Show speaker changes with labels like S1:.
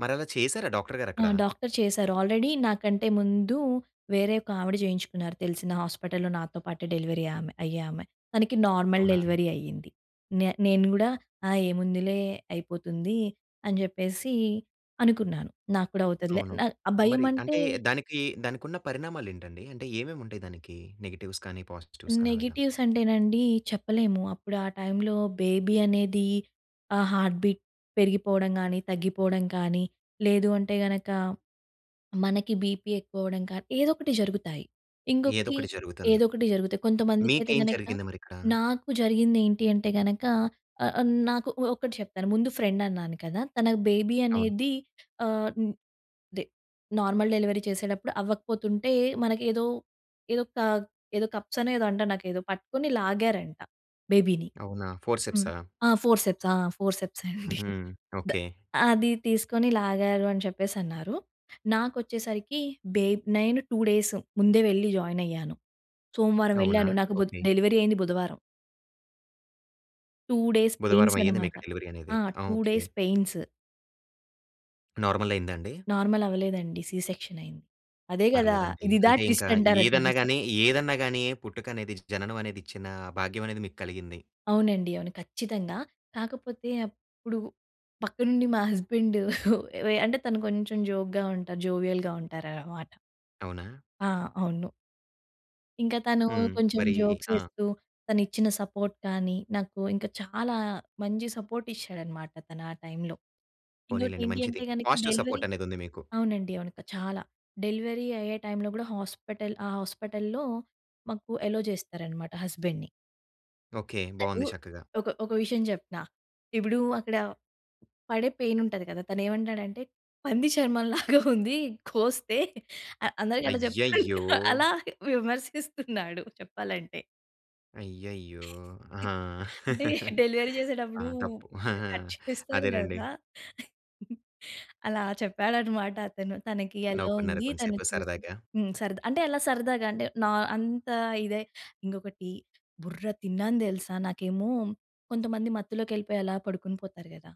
S1: మరి అలా చేసారా? డాక్టర్
S2: ఆ!
S1: గారక్కడ?
S2: డాక్టర్ చేసారు. ఆల్రెడీ నాకంటే ముందు, వేరే ఒక ఆవిడ జేయించుకున్నారు తెలిసిన హాస్పిటల్‌లో నాతో పాటే, డెలివరీ ఆమె అయ్యే ఆమె. తనకి నార్మల్
S1: అవునా!
S2: డెలివరీ అయింది. నే నేను గూడా ఆ ఏముందిలే అయిపోతుంది అని జెప్పేసి అనుకున్నాను. నాకు కూడా అవుతదిలే
S1: అవును.
S2: నా ఆ
S1: మరి
S2: భయమంటే
S1: అంటే దానికి దానికున్న పరిణామాలు ఏంటండి? అంటే ఏమేమి ఉంటాయి దానికి? నెగెటివ్స్ కానీ, పాజిటివ్స్ కాని అలాగా?
S2: నెగెటివ్స్ అంటే నండి చెప్పలేము. అప్పుడు ఆ టైంలో బేబీ అనేది ఆ హార్ట్ బీట్ పెరిగిపోవడం గానీ, తగ్గిపోవడం కానీ లేదు అంటే గనక మనకి బీపీ ఎక్కువ అవ్వడం కానీ, ఏదో ఒకటి జరుగుతాయి. ఇంకొకటి
S1: ఏదోకటి జరుగుతుంది.
S2: ఏదో ఒకటి జరుగుతాయి. కొంతమందికైతే
S1: మీకేం
S2: గనక
S1: జరిగింది మరిక్కడ?
S2: నాకు జరిగింది ఏంటి అంటే గనక ఆహ్, ఆహ్, నాకు ఒ ఒకటి చెప్పారు. ముందు ఫ్రెండ్ అన్నాను కదా! తనకు బేబీ
S1: అవును.
S2: అనేది ఆహ్, దె నార్మల్ డెలివరీ చేసేడప్పుడు అవ్వకపోతుంటే మనకి ఏదో, ఏదో క ఏదో కప్స్ అనో ఏదో అంటారు నాకేదో పట్టుకొని లాగారంట బేబీని.
S1: అవునా!
S2: హ్మ్.
S1: ఫోర్సెప్సా?
S2: ఆ! ఫోర్సెప్స్ ఆ! ఫోర్సెప్సే అండి.
S1: హుహు.
S2: ద
S1: ఓకే.
S2: "అది తీసుకొని లాగారు" అని చెప్పేసన్నారు. నాకొచ్చేసరికి బె నేను 2 డేస్ ముందే వెళ్లి జాయిన్ అయ్యాను. సోమవారం
S1: అవునా!
S2: వెళ్ళాను నాకు బుద్
S1: ఓకే.
S2: డెలివరీ అయింది బుధవారం. 2 డేస్ పైన్స్
S1: బుధవారం అయ్యింది
S2: అన్నమాట.
S1: మీకు డెలివరీ అనేది.
S2: ఆ!
S1: ఆ!
S2: 2
S1: ఓకే.
S2: Days pains.
S1: నార్మలయిందా అండి?
S2: నార్మల్ అవ్వలేదండి. సి సెక్షన్ అయింది. అదే గదా!
S1: పర్లేదండి.
S2: ఇదిదా
S1: అంటే ఇంకా
S2: ట్విస్ట్ అంటారంటారు.
S1: ఏదన్నా
S2: తెలుసా
S1: గాని ఏదన్నా గాని పుట్టుక అనేది, జననం అనేది ఇచ్చిన భాగ్యం అనేది మీకలిగింది.
S2: అవునండి. అవును. ఖచ్చితంగా. కాకపోతే అప్పుడు పక్కనుండి మా హస్బాండు వె అంటే తను కొంచెం జోక్‌గా ఉంటారు. జోవియల్‌గా ఉంటారనమాట.
S1: అవునా?
S2: ఆ! అవును. ఇంకా తను
S1: హ్మ్.
S2: కొంచెం
S1: మరి
S2: జోక్స్
S1: ఆ!
S2: ఎస్తూ, తను ఇచ్చిన సపోర్ట్ కానీ, నాకు ఇంకా చాలా మంచి సపోర్ట్ ఇచ్చాడన్నమాట తను ఆ టైంలో. ఇంకొకటి
S1: పోనీలెండి
S2: ఏంటి అంటే,
S1: మంచిది.
S2: గనక
S1: పాజిటివ్
S2: డెలివరీ
S1: సపోర్ట్ అనేదుంది మీకు.
S2: అవునండి. అవును. క చాలా. డెలివరీ అయ్యే టైంలో గూడా హాస్పిటల్ ఆ హాస్పిటల్‌లో మాకు అల్లో చేస్తారన్నమాట హస్బెండ్‌ని.
S1: ఓకే.
S2: తను
S1: బావుంది చక్కగా.
S2: ఒక ఒక విషయం చెప్తా. ఇప్పుడు అక్కడ పడే పైన్ ఉంటది గదా! తనేమంటాడు అంటే, "పంది చర్మం లాగా ఉంది. కోస్తే" అ అందరికి అట్లా చేప్తుండు
S1: అయ్యయ్యో!
S2: అలా విమర్శిస్తున్నాడు చెప్పాలంటే.
S1: అయ్యయ్యో! ఆహా!
S2: అంటే, డెలివరీ
S1: ఆ!
S2: జేసేటప్పుడు
S1: తప్పు.
S2: కట్ చేస్తారు
S1: అదేనండి.
S2: గదా! అలా చెప్పాడన్నమాట అతను. తనకి అలో
S1: నవ్వుకున్నారా?
S2: ఉంది, తను
S1: కొంసేపు
S2: చూసి
S1: సరదాగా?
S2: హ్మ్. సరదా. అంటే ఎలా సరదాగా అంటే, నా అంత ఇదే. ఇంకొకటి బుర్ర తిన్నాను దెలుసా! నాకేమో కొంతమంది మత్తులోకి ఎళ్ళిపోయి అలా పడుకొని పోతారు గదా!